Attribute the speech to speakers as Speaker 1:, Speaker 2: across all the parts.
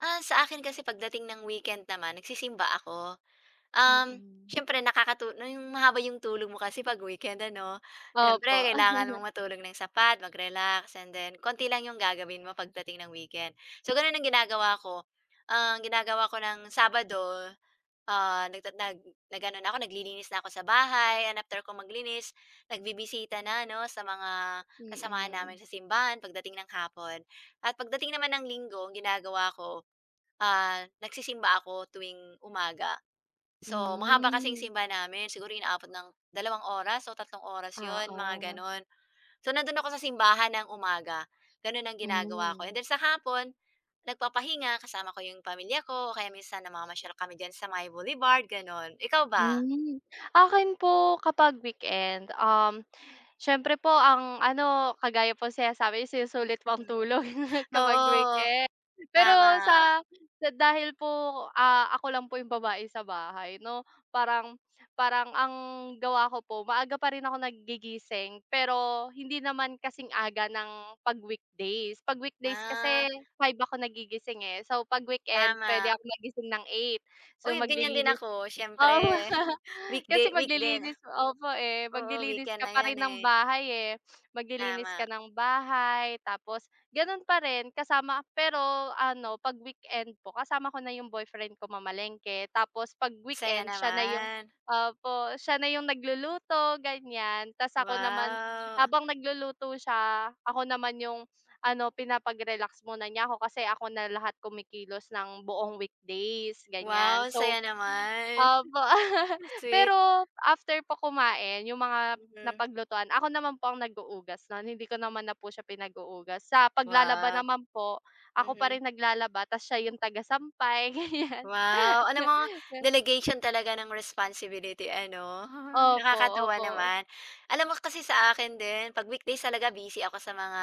Speaker 1: Ah, sa akin kasi pagdating ng weekend naman nagsisimba ako, um,
Speaker 2: Mm.
Speaker 1: siyempre nakakatu na yung mahaba 'yong tulog mo kasi 'pag weekend, ano?
Speaker 2: Opo.
Speaker 1: Siyempre kailangan mong matulog ng sapat mag-relax and then konti lang 'yong gagawin mo pagdating ng weekend, so gano'n ang ginagawa ko. Ang ginagawa ko ng Sabado, ah, nag nag nag-ano na ako, naglilinis na ako sa bahay and after ko maglinis nagbibisita na 'no, sa mga kasamahan namin
Speaker 2: Mm.
Speaker 1: sa simbahan pagdating ng hapon. At pagdating naman ng Linggo ginagawa ako, ah, nagsisimba ako tuwing umaga, so mahaba kasing
Speaker 2: Hmm.
Speaker 1: simbahan namin siguro inaabot ng dalawang oras o tatlong oras 'yon mga
Speaker 2: Oo.
Speaker 1: gano'n. So nando'n ako sa simbahan ng umaga gano'n, ang ginagawa ko and
Speaker 2: Hmm.
Speaker 1: then sa hapon nagpapahinga kasama ko yung pamilya ko o kaya minsan namamasyal kami diyan sa may Boulevard gano'n, ikaw ba?
Speaker 2: Mm, akin po kapag weekend, um, siyempre po ang ano kagaya po sinasabi sinusulit mo ang tulog kapag
Speaker 1: Oo,
Speaker 2: weekend. Pero
Speaker 1: tama.
Speaker 2: sa sa dahil po, ah, ako lang po yung babae sa bahay 'no, parang parang ang gawa ko po maaga pa rin ako naggigising pero hindi naman kasing aga ng pag weekdays. Pag weekdays
Speaker 1: Ah.
Speaker 2: kasi 5:00 ako nagigising, eh, so pag weekend puwede
Speaker 1: Tama.
Speaker 2: akong magising ng 8:00 so
Speaker 1: Uy gan'yan din
Speaker 2: maglilinis
Speaker 1: ako
Speaker 2: o
Speaker 1: siyempre weekday
Speaker 2: kasi
Speaker 1: week den.
Speaker 2: maglilinis opo, eh,
Speaker 1: Oo
Speaker 2: maglilinis
Speaker 1: weekend
Speaker 2: ka
Speaker 1: na
Speaker 2: pa
Speaker 1: yun,
Speaker 2: rin ng
Speaker 1: eh.
Speaker 2: bahay, eh. Maglilinis ka
Speaker 1: Tama.
Speaker 2: ng bahay tapos gano'n pa rin kasama pero ano, pag weekend po kasama ko na yung boyfriend ko mamalengke tapos pag
Speaker 1: Saya
Speaker 2: weekend siya na yung
Speaker 1: naman.
Speaker 2: opo siya na yung nagluluto gan'yan, tapos ako naman
Speaker 1: Wow.
Speaker 2: habang nagluluto siya ako naman yung ano, pinapagrelax muna niya ako kasi ako na lahat kumikilos ng buong weekdays gan'yan.
Speaker 1: Wow
Speaker 2: So,
Speaker 1: saya naman,
Speaker 2: opo
Speaker 1: sweet.
Speaker 2: pero after po kumain yung mga
Speaker 1: Hmm.
Speaker 2: napaglutuan ako naman po ang naghuhugas nun hindi ko naman na po siya pinaghuhugas sa paglalaba
Speaker 1: Wow.
Speaker 2: naman po ako pa
Speaker 1: Mhm.
Speaker 2: rin naglalaba tapos siya yung taga sampay gan'yan.
Speaker 1: Wow alam mo delegation talaga ng responsibility ano,
Speaker 2: Opo,
Speaker 1: nakakatuwa
Speaker 2: opo.
Speaker 1: naman. Alam mo kasi sa akin din 'pag weekdays talaga busy ako sa mga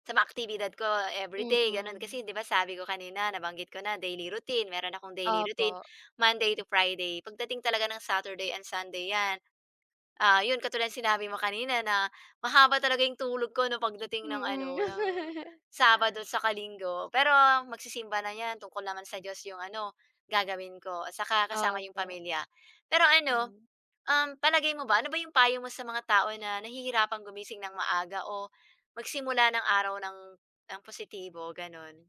Speaker 1: sa mga aktibidad ko everyday gano'n,
Speaker 2: Mm.
Speaker 1: kasi 'di ba sabi ko kanina nabanggit ko na daily routine meron akong daily routine.
Speaker 2: Opo.
Speaker 1: Monday to Friday pagdating talaga ng Saturday and Sunday 'yan, ah, 'yon katulad sinabi mo kanina na mahaba talaga 'yong tulog ko ng pagdating ng
Speaker 2: Mm.
Speaker 1: ano, ng Sabado tsaka Linggo, pero magsisimba na 'yan tungkol naman sa Diyos 'yong ano, gagawin ko at saka kasama 'yong
Speaker 2: Opo.
Speaker 1: pamilya. Pero ano,
Speaker 2: Hmm.
Speaker 1: um, palagay mo ba, ano ba 'yong payo mo sa mga tao na nahihirapan gumising ng maaga o magsimula ng araw ng ng positibo gano'n?